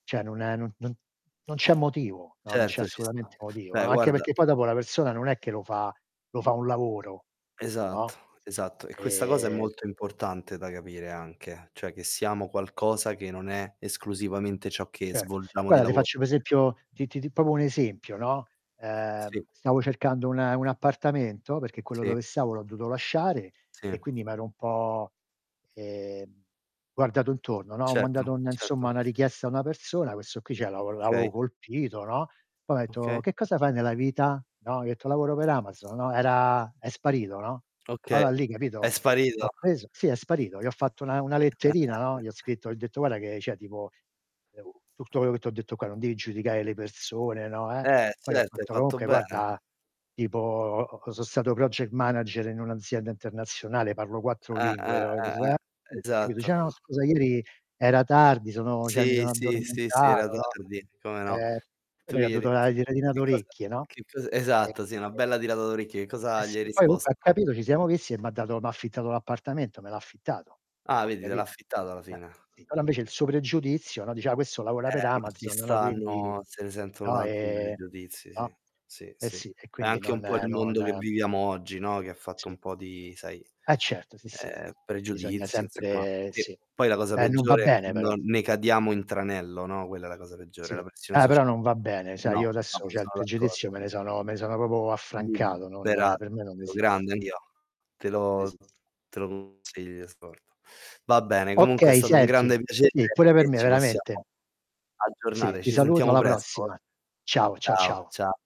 Cioè, non è no no non c'è motivo, no, non c'è Certo, ci sta. assolutamente motivo. Beh, Anche guarda perché poi dopo la persona non è che lo fa lo fa un lavoro, no? Esatto, esatto. E questa cosa è Ehm molto importante da capire anche, cioè, che siamo qualcosa che non è esclusivamente ciò che Certo. svolgiamo di Guarda, ti lavo faccio un esempio ti ti ti proprio un esempio, no. Ehm, Sì. stavo cercando un un appartamento perché quello Sì. dove stavo l'ho dovuto lasciare e Sì. quindi mi ero un po', ehm, guardato intorno, no. Ho Certo, mandato un insomma certo. una richiesta a una persona, questo qui c'è lavo Okay. l'avevo colpito, no. Poi m'ha detto: Okay. "Che cosa fai nella vita?" No? Gli ho detto: "Lavoro per Amazon." No? Era è sparito, no. Okay, Allora lì è capito? Ho sparito. preso sì, è sparito. Gli ho fatto una una letterina, no, gli ho scritto gli ho detto: "Guarda, che c'è tipo [unintelligible] tutto quello che ti ho detto qua, non devi giudicare le persone" no, eh. Eh, Poi ho certo, hai fatto: fatto "Comunque bene. guarda, tipo o o sono stato project manager in un'azienda internazionale, parlo 4 Eh, lingue." eh, No, eh, eh, [unintelligible] capito, esatto. "Ciao, scusa ieri era tardi, sono cioè, mi Sì, sono sì, sì, sì, era addormentato." no. tardi. Come no. E Tu gli che ho gli hai dovuto det una l tiratina che-che cosa d'orecchie, no. che cosa esatto, sì, una Ehm bella tirata d'orecchio. Che Eh, cosa gli hai sì. Poi comunque ha risposto? capito ci siamo visti e m'ha dato m'ha affittato l'appartamento me l' affittato. Ah, Poi vedi te l'ha capi affittato alla [unintelligible] fine. Sì, però invece il suo pregiudizio, no, diceva: "Ah, questo lavora per Eh, ma ci Amazon." no, era quindi stanno se ne sentono no, tanti di ehm, pregiudizi, no. sì. Sì, Eh, sì. sì. E È quindi anche non un po' il mondo che non viviamo oggi, no, che fatto Sì. un po' di sai, Eh, certo. Sì, sì, ehm, sì. Bisogna pregiudizio insomma. sempre E sì. poi la cosa Eh, non va peggiore è bene quando però. ne cadiamo in tranello, no. Quella è la cosa peggiore, Sì. la pressione Eh, però socia non va bene. Sai, no, io adesso no. certe Sono pregiudizio d'accordo. me ne sono me ne sono proprio affrancato, [unintelligible] non per me non esiste. Te Non lo esiste. te lo consiglio [unintelligible] Va bene, comunque è Okay, stato un senti grande piacere sì, pure per e me ci veramente. possiamo Sì, aggiornare. ti Ci saluto, sentiamo alla presto. prossima. Ciao, ciao Ciao, ciao. ciao.